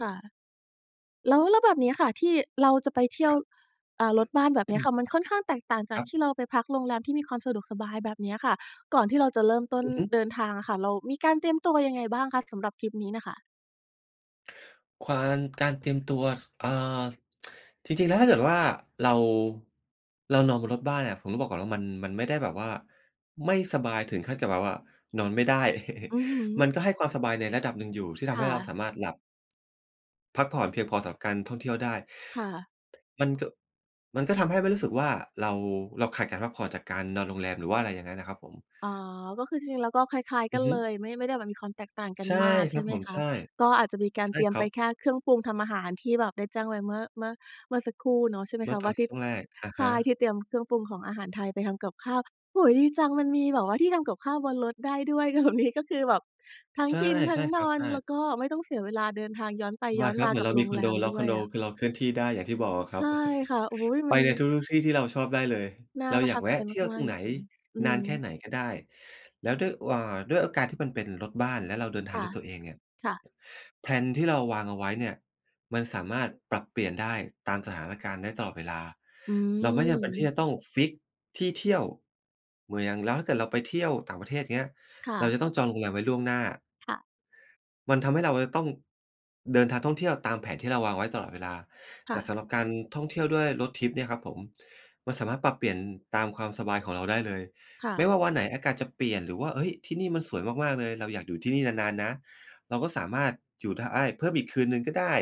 ค่ะ แล้ว แล้วแบบเนี้ยค่ะ ที่เราจะไปเที่คยรว ับ อ่า รถบ้านแบบเนี้ยค่ะ มันค่อนข้างแตกต่างจาคกรทับ ี่เราไปพักโรงแรมที่มีความสะดวกสบายแบบเนี้ยค่ะ ก่อนที่เราจะเริ่มต้อนือฮึ เดินทางอะค่ะ เรามีการเตรียมตัวยังไงบ้างคะ สำหรับทริปนี้น่ะค่ะ? ควาน การเตรียมตัว ส เอ่อ จริง ๆ แล้วถ้าเกิดว่าเรา เรานอนบนรถบ้านอะ ผมต้องบอกก่อนว่ามัน มันไม่ได้แบบว่า ไม่สบายถึงขั้นกับแบบว่านอนไม่ได้ อือฮึ มันก็ให้ความสบายในระดับหนึ่งอยู่ ที่ทคำใ่ห้เราสะ ามารถหลับ พักผ่อนเพียงพอสำหรับการท่องเที่ยวได้ ค่ะ มัน ก มันก็ทำให้ไม่รู้สึกว่าเรา เราขาดการพักผ่อนจากการนอนโรงแรมหรือว่าอะไรอย่างนั้นนะครับผม อ๋อ ก็คือจริงแล้วก็คล้าย ๆ อกัืนอฮึ เลย ไม่ ไม่ได้แบบมีความแตกต่างกันใช่มากคใชร่ับไหมผม คใะ? ช่ ก็อาจจะมีการใช่เตรียคมรไัปบ แค่เครื่องปรุงทำอาหารที่แบบได้แจ้งไว้เมื่อ เมื่อ เมื่อสักครู่เนาะ ใช่มั้เมยืค่อะ ตวอ่านทีช่ ่วงแรก อะใชฮ่ ทีะ ่เตรียมเครื่องปรุงของอาหารไทยไปทำกับข้าว โอ้โฮ ดีจัง มันมีแบบว่าที่ทำกับข้าวบนรถได้ด้วย แบบ นี้ก็คือแบบทั้งใช่ กิน ทใชั้่งคนรับ อน ใช่ แล้วก็ไม่ต้องเสียเวลาเดินทางย้อนไปยว้อาดนครัมบ าเหมืกอันเบราโรมีงคอแรนโด มแล้ดว้ควอยนโดอะ คือเราเคลื่อนที่ได้ อย่างที่บอกอะคใชรับ ่ค่ะ อุ๊ย มไปัน ในทุก ๆ ที่ที่เราชอบได้เลย น่าเราประอยทากับแวใจะเที่ยวมตารก งๆ จไหน ริง ๆ อืนานแค่ม ไหนก็ได้ แล้วด้วย หว่า ด้วยโอการที่มันเป็นรถบ้าน แล้วเราเดินทคาง่ดะ ้วยตัวเองเนี่ย ค่ะ แพลนที่เราวางเอาไว้เนี่ย มันสามารถปรับเปลี่ยนได้ตามสถานการณ์ได้ตลอดเวลา อืเราไม่จำเป็นที่จม ะต้องฟิกซ์ที่เที่ยว [unintelligible] แล้วถ้าเกิดเราไปเที่ยวต่างประเทศเงี้ย ค่เราะ จะต้องจองโรงแรมไว้ล่วงหน้า ค่ะ มันทำให้เราจะต้องเดินทางท่องเที่ยวตามแผนที่เราวางไว้ตลอดเวลา คแต่่สะ ำหรับการท่องเที่ยวด้วยรถทริปเนี่ยครับผม มันสามารถปรับเปลี่ยนตามความสบายของเราได้เลย ค่ไม่ะ ว่าวันไหนอากาศจะเปลี่ยน หรือว่า เฮ้ย ที่นี่มันสวยมาก ๆ เลย เราอยากอยู่ที่นี่นาน ๆ นะ เราก็สามารถอยู่ได้ เพิ่มอีกคืนหนึ่งก็ได้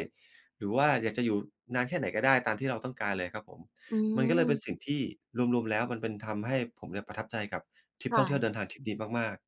หรือว่าอยากจะอยู่นานแค่ไหนก็ได้ ตามที่เราต้องการเลยครับผม อืมันก็เลยเป็นม สิ่งที่รวม ๆ แล้วมันเป็น ทำให้ผมเนี่ยประทับใจกับทริคปท่่องเที่ยะ วเดินทางทริปนี้มาก ๆ